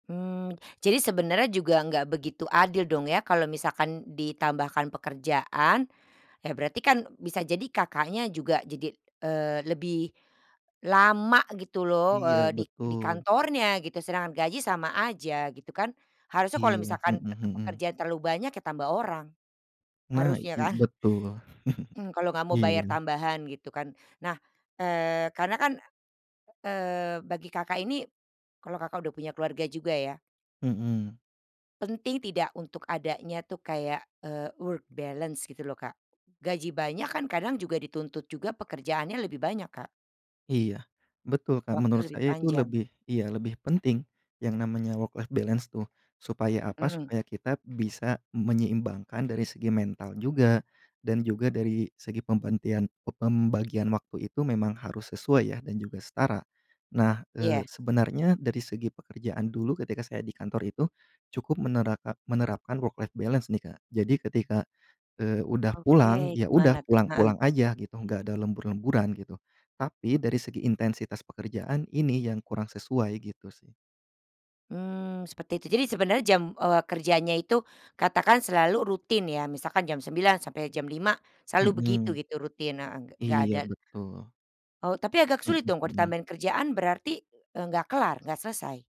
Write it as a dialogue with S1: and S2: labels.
S1: Mmm, jadi sebenarnya juga enggak begitu adil dong ya kalau misalkan ditambahkan pekerjaan. Ya berarti kan bisa jadi Kakaknya juga jadi, eee, lebih lama gitu loh,
S2: Iya
S1: eee, di di
S2: betul.
S1: kantornya gitu. Sedangkan gaji sama aja, gitu kan? Harusnya kalau
S2: Iya.
S1: misalkan
S2: Hmm
S1: tekepe
S2: hmm.
S1: pekerjaan terlalu banyak ya tambah orang.
S2: Nah,
S1: Harusnya
S2: iy
S1: kan?
S2: betul.
S1: Mmm, kalau nggak mau bayar
S2: Iya.
S1: tambahan gitu kan? Nah, eee, karena kan, eee, bagi Kakak ini kalau Kakak udah punya keluarga juga ya?
S2: Mmm.
S1: Penting tidak untuk adanya tuh kayak, eee, work balance gitu loh, Kak. Gaji banyak kan kadang juga dituntut juga pekerjaannya lebih banyak, Kak.
S2: Iya. Betul, Kak.
S1: Waktu
S2: Menurut
S1: lebih
S2: saya itu
S1: panjang.
S2: lebih iya lebih penting, yang namanya work life balance tuh. Supaya apa?
S1: Mhm.
S2: Supaya kita bisa menyeimbangkan dari segi mental juga, dan juga dari segi pembantian pembagian waktu itu memang harus sesuai ya dan juga setara. Nah, eee,
S1: Iya.
S2: sebenarnya dari segi pekerjaan dulu ketika saya di kantor itu cukup menerakan menerapkan work life balance nih, Kak. Jadi ketika, eee, udah pulang,
S1: Oke,
S2: ya udah
S1: gimana tuh? Heeh.
S2: pulang-pulang aja gitu enggak ada lembur-lemburan gitu. Tapi dari segi intensitas pekerjaan ini yang kurang sesuai gitu sih.
S1: Mmm, seperti itu. Jadi sebenernya jam, eee, kerjanya itu katakan selalu rutin ya. Misalkan jam 9.00 sampai jam 5.00, selalu begitu
S2: Mhm.
S1: itu rutin, heeh, gek nggak
S2: Iya,
S1: ada
S2: betul.
S1: Oh, tapi agak
S2: Hmm,
S1: sulit dong kalau
S2: mhm.
S1: ditambahin kerjaan berarti, eee, nggak kelar, nggak selesai.